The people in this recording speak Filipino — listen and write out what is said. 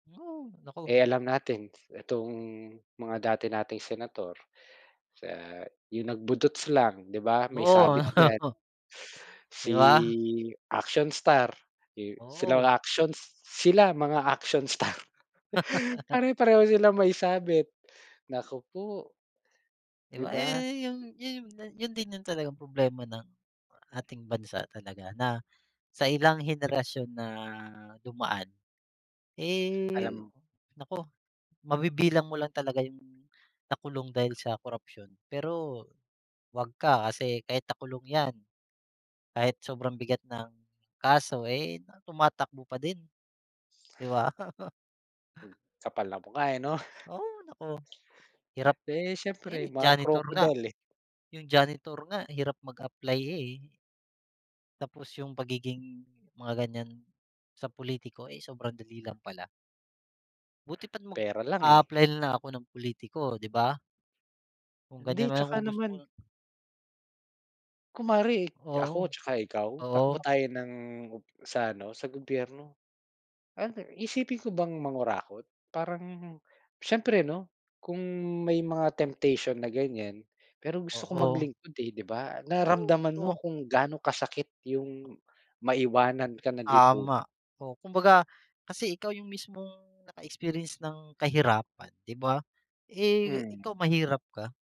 Oh, naku. Eh, alam natin itong mga dati nating senator, sa yung nag-budots lang 'di ba may sabit yan. Oo. Di ba? Si, action star, eh, sila Oo. actions, sila mga action star. Pare-pareho sila may sabit, naku po. Di Di ba yun, ba? yung yun, yun din yung talagang problema ng, ating bansa talaga na, sa ilang henerasyon na dumaan, eh, Alam naku, mabibilang mo lang talaga yung, nakulong dahil sa korapsyon pero, wag ka, kasi kahit nakulong yan, kahit sobrang bigat ng kaso eh, tumatakbo pa din. Di ba? Kapal ng mukha eh 'no? Oo, naku, hirap, Eh, siyempre eh, mga janitor nga, crocodile eh. yung janitor nga, hirap mag-apply eh. Tapos yung pagiging, mga ganyan, sa pulitiko eh, sobrang dali lang pala. Buti pa't Pera lang eh. mag-aapply nalang ako ng pulitiko 'di ba? Kung Hindi, ganyan na lang tsaka kung gusto naman kunwari, Oo. ako tsaka ikaw? Takbo Oo. tayo ng, sa ano, sa gobyerno. Iisipin ko bang mangurakot? Parang, siyempre 'no, kung may mga temptation na ganyan, pero gusto ko Oo. mag-lingkod eh, 'di ba? Oh, Nararamdaman mo naku. kung gaano kasakit yung maiwanan ka ng lipu Tama, oh, kumbaga kasi ikaw yung mismong, naka-experience ng kahirapan 'di ba? Eh, Hmm. ikaw mahirap ka.